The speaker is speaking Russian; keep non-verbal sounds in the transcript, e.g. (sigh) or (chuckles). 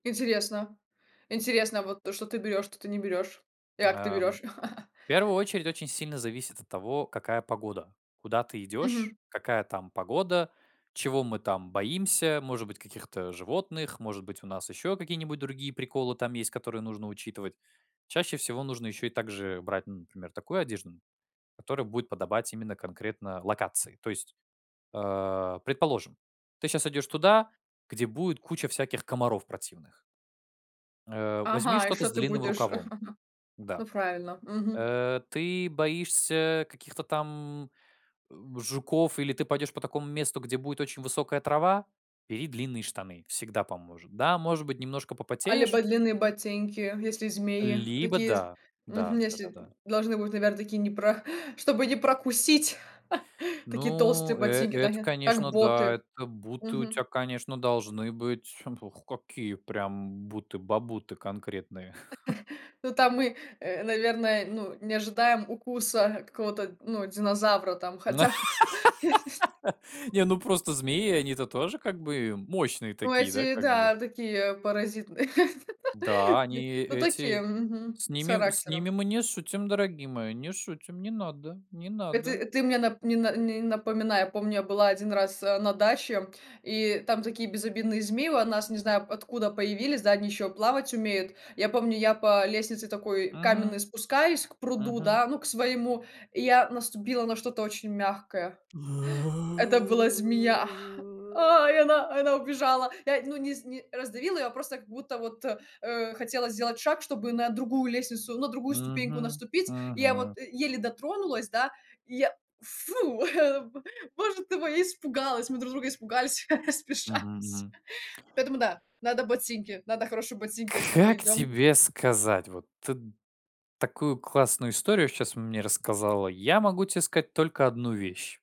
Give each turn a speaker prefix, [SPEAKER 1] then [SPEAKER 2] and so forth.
[SPEAKER 1] Интересно интересно, вот то, что ты берёшь, что ты не берёшь, и как ты
[SPEAKER 2] Ам,
[SPEAKER 1] берёшь. (chuckles)
[SPEAKER 2] в первую очередь очень сильно зависит от того, какая погода. Куда ты идёшь,
[SPEAKER 1] Мгм.
[SPEAKER 2] какая там погода, чего мы там боимся, может быть, каких-то животных, может быть, у нас ещё какие-нибудь другие приколы там есть, которые нужно учитывать. Чаще всего нужно ещё и так же брать, ну, например, такую одежду, м, которая будет подобать именно конкретно локации. То есть, а, предположим, ты щас идёшь туда, где будет куча всяких комаров противных. Э. Возьми
[SPEAKER 1] Ага, и
[SPEAKER 2] что-то
[SPEAKER 1] что
[SPEAKER 2] с
[SPEAKER 1] ты
[SPEAKER 2] длинным
[SPEAKER 1] будешь?
[SPEAKER 2] рукавом.
[SPEAKER 1] (chuckles)
[SPEAKER 2] Да,
[SPEAKER 1] Ну, правильно. Мгм.
[SPEAKER 2] э. Ты боишься каких-то там, э, жуков или ты пойдёшь по такому месту, где будет очень высокая трава? Бери длинные штаны. Всегда поможет. Да, может быть, немножко
[SPEAKER 1] А
[SPEAKER 2] попотеешь.
[SPEAKER 1] либо длинные ботинки, если змеи,
[SPEAKER 2] Либо
[SPEAKER 1] такие з
[SPEAKER 2] да. Да,
[SPEAKER 1] мгм, если м
[SPEAKER 2] да-да-да.
[SPEAKER 1] должны быть, наверно, такие не про чтобы не прокусить, (chuckles) такие толстые
[SPEAKER 2] Ну, э,
[SPEAKER 1] ботинки, да
[SPEAKER 2] это,
[SPEAKER 1] я, как
[SPEAKER 2] конечно, да.
[SPEAKER 1] боты.
[SPEAKER 2] Это буты у тя,
[SPEAKER 1] Мгм.
[SPEAKER 2] конечно, должны быть п ух какие прям буты-бабуты конкретные. (chuckles)
[SPEAKER 1] (chuckles) Ну, там мы, э, наверное, ну, не ожидаем укуса какого-то, ну, динозавра там, хотя, (laughs) м, если
[SPEAKER 2] (laughs) Не, ну, просто змеи, они-то тоже как бы мощные
[SPEAKER 1] Ну,
[SPEAKER 2] такие, да,
[SPEAKER 1] если,
[SPEAKER 2] как бы?
[SPEAKER 1] да, такие, а, паразитные,
[SPEAKER 2] Да, они
[SPEAKER 1] (laughs) ну, такие,
[SPEAKER 2] эти
[SPEAKER 1] мгм,
[SPEAKER 2] с
[SPEAKER 1] с
[SPEAKER 2] ними с ними
[SPEAKER 1] характером.
[SPEAKER 2] мы не шутим, дорогие мои, не шутим, не надо, не
[SPEAKER 1] Э, ты,
[SPEAKER 2] надо.
[SPEAKER 1] э, ты мне нап не на не напоминай. Я помню, я была 1 раз, э, на даче, и там такие безобидные змеи у нас, не знаю откуда, появились, да, они еще плавать умеют. И я помню, я по лестнице такой
[SPEAKER 2] Мгм,
[SPEAKER 1] каменной спускаюсь к пруду,
[SPEAKER 2] мгм.
[SPEAKER 1] да, ну, к своему, и я наступила на что-то очень мягкое.
[SPEAKER 2] Э.
[SPEAKER 1] Это была змея, а, и она и она убежала. Я, ну, не з не раздавила ее, а просто как будто вот, э, хотела сделать шаг, чтобы на другую лестницу, на другую ступеньку
[SPEAKER 2] Мгм,
[SPEAKER 1] наступить. Я
[SPEAKER 2] мгм.
[SPEAKER 1] вот, э, еле дотронулась, да, и я, фу, (chuckles) боже ты мой, я испугалась, мы друг друга испугались, (laughs) я спеша, (unintelligible)
[SPEAKER 2] Мгм,
[SPEAKER 1] (laughs)
[SPEAKER 2] мгм.
[SPEAKER 1] поэтому, да, надо ботинки, надо хорошие ботинки, если мы
[SPEAKER 2] Как
[SPEAKER 1] идем.
[SPEAKER 2] тебе сказать? Вот ты такую классную историю сейчас мне рассказала. Я могу те сказать только 1 вещь.